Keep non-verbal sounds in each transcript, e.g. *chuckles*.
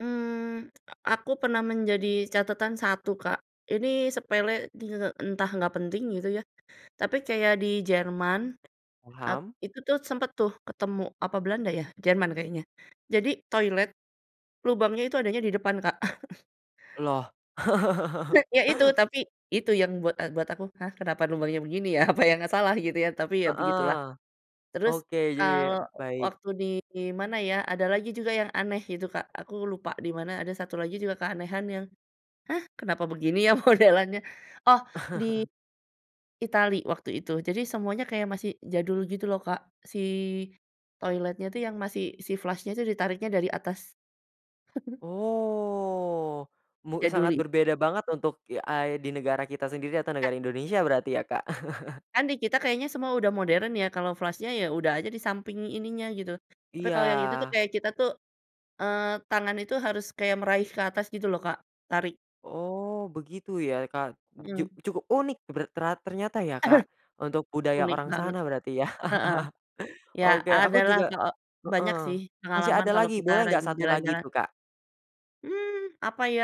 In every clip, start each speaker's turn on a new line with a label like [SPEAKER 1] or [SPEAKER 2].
[SPEAKER 1] Mmm, aku pernah menjadi catatan satu, Kak. Ini sepele, te te te entah nggak penting gitu ya, tapi kayak di Jerman at
[SPEAKER 2] Paham.
[SPEAKER 1] itu tuh sempet tuh ketemu apa Belanda ya, Jerman kayaknya. Jadi toilet lubangnya itu adanya di depan, Kak. *chuckles*
[SPEAKER 2] Loh. *laughs*
[SPEAKER 1] Heeh, ya itu tapi, itu yang buat buat aku, “Hah kenapa lubangnya begini ya? Apa yang salah?” gitu ya. Tapi ya begitulah.
[SPEAKER 2] Heeh.
[SPEAKER 1] Terus
[SPEAKER 2] Oke, iya iya.
[SPEAKER 1] kalau
[SPEAKER 2] Baik.
[SPEAKER 1] waktu di mana ya, ada lagi juga yang aneh gitu, Kak. Aku lupa di mana. Ada satu lagi juga keanehan yang, “Hah kenapa begini ya modelannya?” Oh, di
[SPEAKER 2] *chuckles*
[SPEAKER 1] Itali waktu itu. Jadi semuanya kayak masih jadul gitu loh, Kak. Si toiletnya tuh yang masih, si flush-nya tuh ditariknya dari atas. *giggles*
[SPEAKER 2] Oh, mu sangat
[SPEAKER 1] Jaduli.
[SPEAKER 2] berbeda banget untuk ya, ah, di negara kita sendiri atau negara Indonesia berarti ya, Kak? *chuckles*
[SPEAKER 1] Kan di kita kayaknya semua udah moderen ya. Kalau flush-nya ya udah aja di samping ininya gitu. Tapi kalau yang itu tuh
[SPEAKER 2] Iya.
[SPEAKER 1] kayak kita tuh eee, tangan itu harus kayak meraih ke atas gitu loh, Kak, tarik.
[SPEAKER 2] Oh begitu ya, Kak. Ju
[SPEAKER 1] Mhm.
[SPEAKER 2] cukup unik ber tera ternyata ya,
[SPEAKER 1] Aha.
[SPEAKER 2] Kak, untuk budaya
[SPEAKER 1] Unik
[SPEAKER 2] orang
[SPEAKER 1] banget.
[SPEAKER 2] sana berarti ya.
[SPEAKER 1] Heeh.
[SPEAKER 2] *chuckles*
[SPEAKER 1] Ya
[SPEAKER 2] Oke aku
[SPEAKER 1] adalah
[SPEAKER 2] juga
[SPEAKER 1] kao banyak sih
[SPEAKER 2] mhm, masih
[SPEAKER 1] pengalaman
[SPEAKER 2] ada
[SPEAKER 1] kalau
[SPEAKER 2] lagi,
[SPEAKER 1] kita
[SPEAKER 2] boleh nggak
[SPEAKER 1] rajin
[SPEAKER 2] satu lagi
[SPEAKER 1] jalan-jalan.
[SPEAKER 2] tuh, Kak?
[SPEAKER 1] Mmm, apa ya,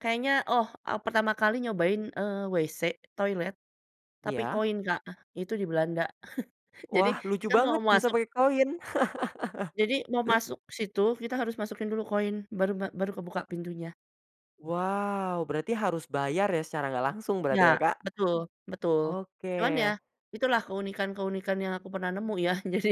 [SPEAKER 1] kayaknya oh, ah, pertama kali nyobain, eee, WC, toilet, tapi
[SPEAKER 2] Iya.
[SPEAKER 1] koin, Kak. Itu di Belanda. *chuckles* Jadi
[SPEAKER 2] Wah lucu
[SPEAKER 1] kita mau
[SPEAKER 2] banget bisa
[SPEAKER 1] masuk
[SPEAKER 2] pakai koin. *laughs*
[SPEAKER 1] jadi mau masuk situ, kita harus masukin dulu koin baru ma baru kebuka pintunya.
[SPEAKER 2] Wow! Berarti harus bayar ya secara nggak langsung
[SPEAKER 1] Ya,
[SPEAKER 2] berarti ya, Kak.
[SPEAKER 1] betul, betul. Cuman ya,
[SPEAKER 2] Oke.
[SPEAKER 1] itulah keunikan-keunikan yang aku pernah nemu ya. Jadi,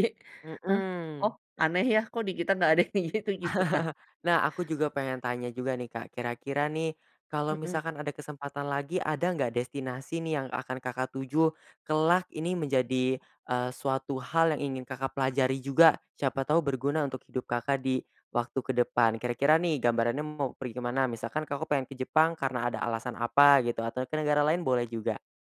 [SPEAKER 1] "Hah! oh,
[SPEAKER 2] Mhm.
[SPEAKER 1] aneh ya, kok di kita nggak ada gitu gitu, Kak.
[SPEAKER 2] *chuckles* Nah aku juga pengen tanya juga nih, Kak. Kira-kira nih kalau
[SPEAKER 1] Mhm.
[SPEAKER 2] misalkan ada kesempatan lagi, ada enggak destinasi nih yang akan Kakak tuju, kelak Ini menjadi, eee, suatu hal yang ingin Kakak pelajari juga, siapa tahu berguna untuk hidup Kakak di waktu ke depan. Kira-kira nih gambarannya mau pergi ke mana? Misalkan Kakak pengen ke Jepang karena ada alasan apa gitu, atau ke negara lain boleh juga.